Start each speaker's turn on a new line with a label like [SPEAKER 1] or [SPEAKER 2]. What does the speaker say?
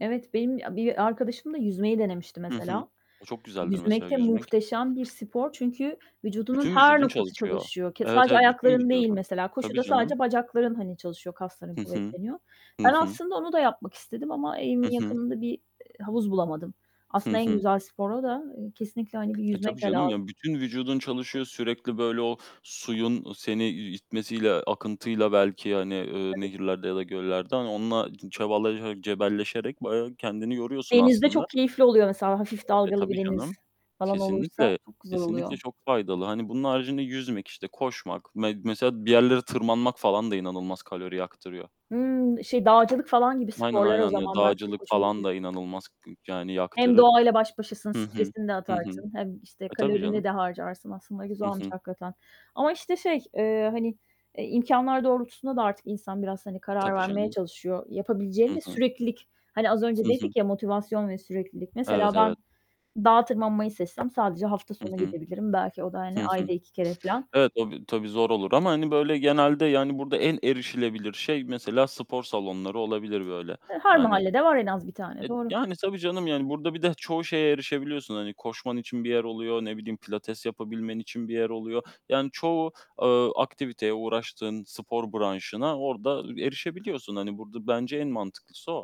[SPEAKER 1] Evet, benim bi a bir arkadaşım da yüzmeyi denemişti
[SPEAKER 2] Hı hı.
[SPEAKER 1] mesela.
[SPEAKER 2] O çok güzeldir,
[SPEAKER 1] Yüzmek
[SPEAKER 2] mesela,
[SPEAKER 1] de
[SPEAKER 2] yüzmek.
[SPEAKER 1] muhteşem bir spor çünkü vücudunun
[SPEAKER 2] Bütün
[SPEAKER 1] her
[SPEAKER 2] vücudun
[SPEAKER 1] noktası
[SPEAKER 2] çalışıyor.
[SPEAKER 1] çalışıyor. Ke
[SPEAKER 2] Evet,
[SPEAKER 1] sadece
[SPEAKER 2] evet, bütün
[SPEAKER 1] ayakların değil
[SPEAKER 2] vücudun.
[SPEAKER 1] mesela,
[SPEAKER 2] Tabii,
[SPEAKER 1] koşuda
[SPEAKER 2] canım.
[SPEAKER 1] sadece bacakların, hani, çalışıyor, kasların
[SPEAKER 2] Hı hı.
[SPEAKER 1] kuvvetleniyor.
[SPEAKER 2] Hı
[SPEAKER 1] Ben
[SPEAKER 2] hı.
[SPEAKER 1] aslında onu da yapmak istedim ama evimin
[SPEAKER 2] Hı hı.
[SPEAKER 1] yakınında bir, ııı, havuz bulamadım.
[SPEAKER 2] Hı
[SPEAKER 1] Aslında en
[SPEAKER 2] hı.
[SPEAKER 1] güzel spor o da. Eee, kesinlikle, hani, bir
[SPEAKER 2] E, tabii,
[SPEAKER 1] yüzmek de
[SPEAKER 2] canım,
[SPEAKER 1] lazım.
[SPEAKER 2] yani, bütün vücudun çalışıyor, sürekli, böyle, o suyun seni i itmesiyle, akıntıyla belki, hani, ııı,
[SPEAKER 1] Tabii.
[SPEAKER 2] nehirlerde ya da göllerde, hani, onunla çabalaşarak, cebelleşerek bayağı kendini yoruyorsun
[SPEAKER 1] Denizde
[SPEAKER 2] aslında.
[SPEAKER 1] çok keyifli oluyor mesela, hafif
[SPEAKER 2] E,
[SPEAKER 1] dalgalı bir
[SPEAKER 2] tabii
[SPEAKER 1] deniz
[SPEAKER 2] canım!
[SPEAKER 1] falan olursa
[SPEAKER 2] Kesinlikle,
[SPEAKER 1] çok güzel
[SPEAKER 2] kesinlikle
[SPEAKER 1] oluyor.
[SPEAKER 2] çok faydalı. Hani, bunun haricinde yüzmek, işte, koşmak, me mesela bir yerlere tırmanmak falan da inanılmaz kalori yaktırıyor.
[SPEAKER 1] Hıı, şey, dağcılık falan gibi
[SPEAKER 2] Aynen,
[SPEAKER 1] sporlar o
[SPEAKER 2] aynen. Ya,
[SPEAKER 1] zaman belki çok
[SPEAKER 2] dağcılık
[SPEAKER 1] hoş
[SPEAKER 2] falan
[SPEAKER 1] olabilir.
[SPEAKER 2] da inanılmaz k yani,
[SPEAKER 1] Hem
[SPEAKER 2] yaktırır.
[SPEAKER 1] doğayla baş başasın,
[SPEAKER 2] Hı hı.
[SPEAKER 1] stresini de
[SPEAKER 2] Hı hı.
[SPEAKER 1] atarsın, hem, işte,
[SPEAKER 2] E, tabii,
[SPEAKER 1] kalorini
[SPEAKER 2] canım.
[SPEAKER 1] de harcarsın aslında
[SPEAKER 2] Hı
[SPEAKER 1] güzelmiş
[SPEAKER 2] hı.
[SPEAKER 1] hakikaten. Ama, işte, şey, ııı, hani, eee, imkânlar doğrultusunda da artık insan biraz, hani, karar
[SPEAKER 2] Tabii,
[SPEAKER 1] vermeye
[SPEAKER 2] canım.
[SPEAKER 1] çalışıyor. Yapabileceğin
[SPEAKER 2] Hı
[SPEAKER 1] de
[SPEAKER 2] hı.
[SPEAKER 1] süreklilik, hani, az
[SPEAKER 2] Hı
[SPEAKER 1] önce
[SPEAKER 2] hı.
[SPEAKER 1] dedik ya, motivasyon ve süreklilik. Mesela
[SPEAKER 2] Evet,
[SPEAKER 1] ben
[SPEAKER 2] evet.
[SPEAKER 1] dağa tırmanmayı seçsem sadece hafta sonu
[SPEAKER 2] Hı hı.
[SPEAKER 1] gidebilirim. Belki o da,
[SPEAKER 2] Hı
[SPEAKER 1] hani,
[SPEAKER 2] hı.
[SPEAKER 1] ayda 2 kere filan.
[SPEAKER 2] Evet, o bir, tabii, zor olur ama, hani, böyle, genelde, yani, burada en erişilebilir şey mesela spor salonları olabilir, böyle,
[SPEAKER 1] Hıı, her
[SPEAKER 2] yani.
[SPEAKER 1] mahallede var en az 1 tane,
[SPEAKER 2] E,
[SPEAKER 1] doğru.
[SPEAKER 2] yani, tabii, canım, yani, burada bir de çoğu şeye erişebiliyorsun, hani, koşman için bir yer oluyor, ne bileyim, pilates yapabilmen için bir yer oluyor. Yani, çoğu, ııı, aktiviteye, uğraştığın spor branşına orada erişebiliyorsun. Hani, burada bence en mantıklısı o.